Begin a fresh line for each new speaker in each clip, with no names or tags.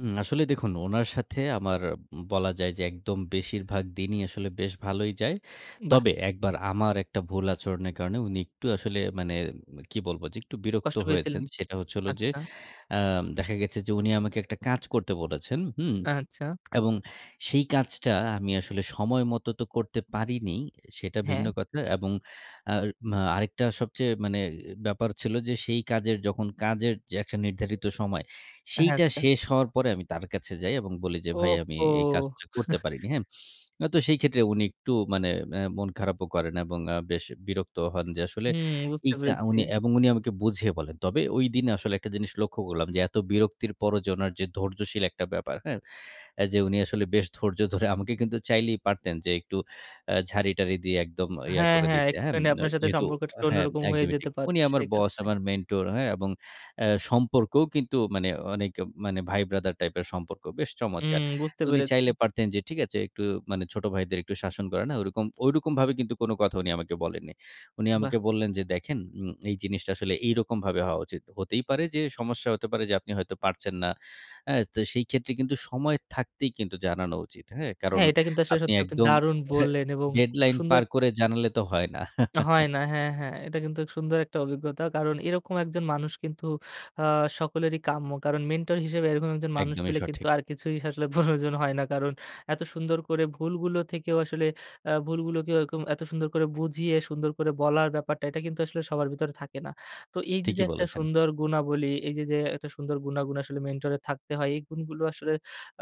হুম, আসলে দেখুন ওনার সাথে আমার বলা যায় যে, একদম বেশিরভাগ দিনই আসলে বেশ ভালোই যায়।
বাহ!
তবে ১ বার আমার একটা ভুল আচরণের কারণে উনি একটু আসলে মানে উম কি বলব? যে একটু বিরক্ত
কষ্ট পেয়েছিলেন।
হয়েছেন। সেটা হচ্ছে হলো যে,
আচ্ছা।
অ্যা দেখা গেছে যে উনি আমাকে একটা কাজ করতে বলেছেন। হুম?
আচ্ছা।
এবং সেই কাজটা আমি আসলে সময়মত তো করতে পারিনি, সেটা ভিন্ন
হ্যাঁ।
কথা। এবং আর আ আরেকটা সবচেয়ে মানে, এ ব্যাপার ছিল যে, সেই কাজের যখন কাজের একটা নির্ধারিত সময়,
হ্যাঁ,
সেইটা
আচ্ছা।
শেষ হওয়ার পরে আমি তার কাছে যাই। এবং বলি যে,
ও
"ভাই আমি
হো!
এই কাজটা করতে পারিনি।" হ্যাঁ? অ তো সেই ক্ষেত্রে উনি একটু মানে অ্যা মন খারাপও করেন। এবং আ বেশ বিরক্তও হন যে আসলে,
হুম। বুঝতে
এইকা
পেরেছি।
উনি এবং উনি আমাকে বুঝিয়ে বলেন। তবে ঐদিন আসলে একটা জিনিস লক্ষ্য করলাম যে, এত বিরক্তির পরও যে ওনার যে ধৈর্যশীল একটা ব্যাপার। হ্যাঁ? অ্যা যে উনি আসলে বেশ ধৈর্য ধরে, আমাকে কিন্তু চাইলেই পারতেন যে একটু অ্যা ঝাড়ি-টাড়ি দিয়ে একদম ইয়া
হ্যাঁ,
করে
হ্যাঁ।
দিতে। হ্যাঁ? ম
একটুখানি আপনার সাথে
যেহেতু
সম্পর্কটা একটু
হ্যাঁ,
অন্যরকম হয়ে
একদমই
যেতে
ঠিক। উনি
পারতো,
আমার
সেই
বস,
কারণে।
আমার মেন্টর হ্যাঁ? এবং অ্যা সম্পর্কও কিন্তু মানে অনেক মানে, ভাই-ব্রাদার টাইপের সম্পর্ক, বেশ
হুম।
চমৎকার!
বুঝতে
তো উনি
পেরেছি।
চাইলে পারতেন যে ঠিক আছে একটু মানে, ছোট ভাইদের একটু শাসন করে না? ঐরকম। ঐরকম ভাবে কিন্তু কোন কথা উনি আমাকে বলেননি। উনি
বাহ!
আমাকে বললেন যে, "দেখেন উম এই জিনিসটা আসলে এইরকমভাবে হওয়া উচিত। হতেই পারে যে, সমস্যা হতে পারে যে আপনি হয়তো পারছেন না। হ্যাঁ? তো সেই ক্ষেত্রে কিন্তু সময় থাকতেই কিন্তু জানানো উচিত। হ্যাঁ? কারণ,
হ্যাঁ। এটা কিন্তু আসলে
আপনি
সত্যি, আপনি
একদম
দারুন বললেন। এবং খুব
ডেডলাইন
সুন্দর
পার
একটা
করে জানালে তো হয় না।"
হয় না। হ্যাঁ, হ্যাঁ। এটা কিন্তু সুন্দর একটা অভিজ্ঞতা। কারণ, এরকম একজন মানুষ কিন্তু আ সকলেরই কাম্য। কারণ, মেন্টর হিসেবে এরকম একজন মানুষ
একদমই
পেলে কিন্তু,
সঠিক।
আর কিছুই আসলে প্রয়োজন হয় না। কারণ, এত সুন্দর করে ভুলগুলো থেকেও আসলে, অ্যা ভুলগুলোকে এরকম এত সুন্দর করে বুঝিয়ে, সুন্দর করে বলার ব্যাপারটা এটা, কিন্তু আসলে সবার ভেতরে থাকে না। তো এই যে, যে
ঠিকই
একটা
বলেছেন।
সুন্দর গুনাবলি, এই যে, যে একটা সুন্দর গুনাগুণ আসলে মেন্টর এর থাকতে হয়। এই গুণগুলো আসলে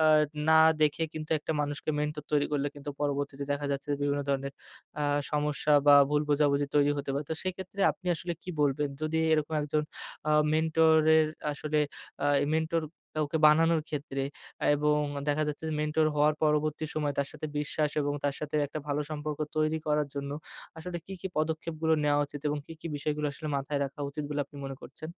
আ না দেখে কিন্তু, একটা মানুষকে মেন্টর তৈরি করলে, কিন্তু পরবর্তীতে দেখা যাচ্ছে বিভিন্ন ধরনের আ সমস্যা বা ভুল বোঝাবুঝি তৈরি হতে পারে। তো সেক্ষেত্রে আপনি আসলে কি বলবেন? যদি এরকম একজন আ মেন্টর-এর আসলে আ মেন্টর কাউকে বানানোর ক্ষেত্রে। এবং দেখা যাচ্ছে যে, মেন্টর হওয়ার পরবর্তী সময় তার সাথে বিশ্বাস এবং তার সাথে একটা ভালো সম্পর্ক তৈরি করার জন্য আসলে, কী, কী পদক্ষেপগুলো নেয়া উচিত? এবং কি, কি বিষয়গুলো আসলে মাথায় রাখা উচিত বলে আপনি মনে করছেন?